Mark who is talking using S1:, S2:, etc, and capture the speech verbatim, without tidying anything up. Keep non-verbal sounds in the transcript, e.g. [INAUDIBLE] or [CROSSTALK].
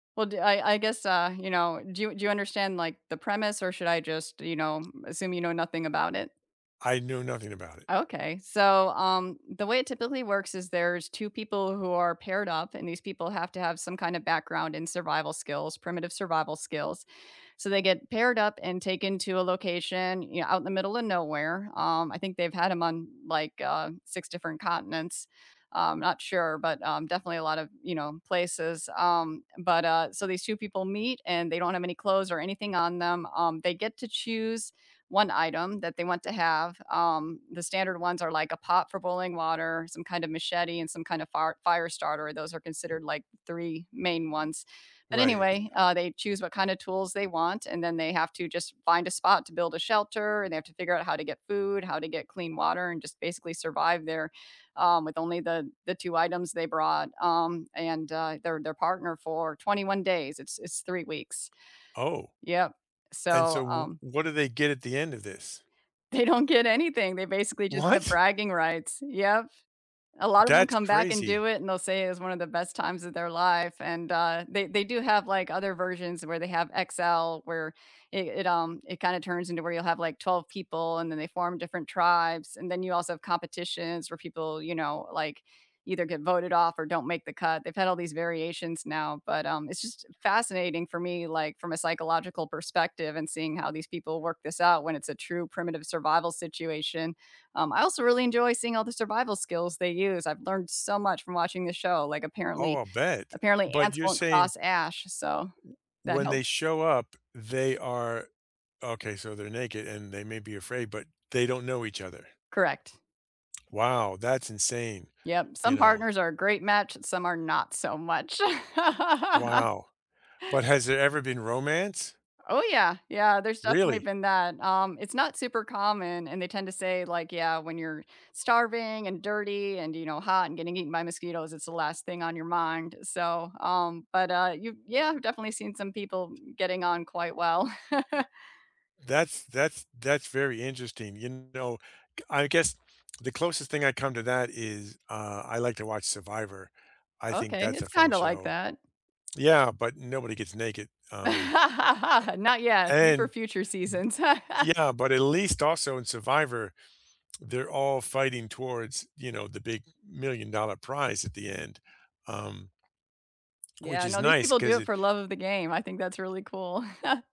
S1: Well, d I I guess, uh, you know, do you do you understand like the premise or should I just, you know, assume you know nothing about it?
S2: I know nothing about it.
S1: Okay, so, um, the way it typically works is there's two people who are paired up and these people have to have some kinda background in survival skills, primitive survival skills. So they get paired up and taken to a location, you know, out in the middle of nowhere. Um, I think they've had 'em on, like, uh, six different continents. Uh, I'm not sure but, um, definitely a lot of, you know, places, um, but, uh so these two people meet and they don't have any clothes or anything on them. Um, they get to choose one item that they want to have. Um, the standard ones are like a pot for boiling water, some kind of machete, and some kind of fire fire starter, those are considered like three main ones, but
S2: Right.
S1: anyway, uh, they choose what kinda tools they want and then they have to just find a spot to build a shelter and they have to figure out how to get food, how to get clean water, and just basically survive there, um, with only the the two items they brought, um, and, uh, their their partner for twenty-one days, it's it's three weeks.
S2: Oh,
S1: Yep.
S2: and
S1: So,
S2: so w
S1: um
S2: what do they get at the end of this?
S1: They don't get anything, they basically just get
S2: What?
S1: bragging rights, yep. A lot of them
S2: That's
S1: come back and do
S2: crazy.
S1: it and they'll say it was one of the best times of their life and, uh, they they do have like other versions where they have XL where it it, um it kinda turns into where you'll have like twelve people and then they form different tribes and then you also have competitions where people, you know, like either get voted off or don't make the cut, they've had all these variations now, but, um, it's just fascinating for me like from a psychological perspective and seeing how these people work this out when it's a true primitive survival situation. Um, I also really enjoy seeing all the survival skills they use, I've learned so much from watching this show like
S2: Oh,
S1: apparently
S2: I'll bet.
S1: apparently
S2: But
S1: ants
S2: you're
S1: won't
S2: saying
S1: cross ash so
S2: w
S1: that
S2: when they
S1: helped.
S2: show up, they are Okay, so they're naked, and they may be afraid, but they don't know each other.
S1: Correct.
S2: Wow, that's insane.
S1: Yep,
S2: You
S1: some
S2: know
S1: partners are a great match, some are not so much. [LAUGHS]
S2: Wow, but has there ever been romance?
S1: Oh, yeah. Yeah, there's definitely
S2: Really?
S1: been that, um, it's not super common and they tend to say like, "Yeah, when you're starving and dirty and," you know, "hot and getting eaten by mosquitoes it's the last thing on your mind," so, um but, uh, y yeah, I've definitely seen some people getting on quite well.
S2: That's that's that's very interesting, you know, g I guess the closest thing I come to that is, uh, I like to watch Survivor, I think
S1: Okay,
S2: that's
S1: it's
S2: a fun
S1: kinda like
S2: show.
S1: that.
S2: Yeah, but nobody gets naked.
S1: [LAUGHS]
S2: Um Uh
S1: Not yet. Wait
S2: And
S1: for
S2: N
S1: future seasons. [CHUCKLES]
S2: Yeah, but at least also in survivor, [TSK] they're all fighting towards, you know, the big million dollar prize at the end, um which
S1: Yeah,
S2: is
S1: no, these
S2: nice
S1: people do
S2: 'cause
S1: it
S2: it
S1: for love of the game, I think that's really cool. [CHUCKLES]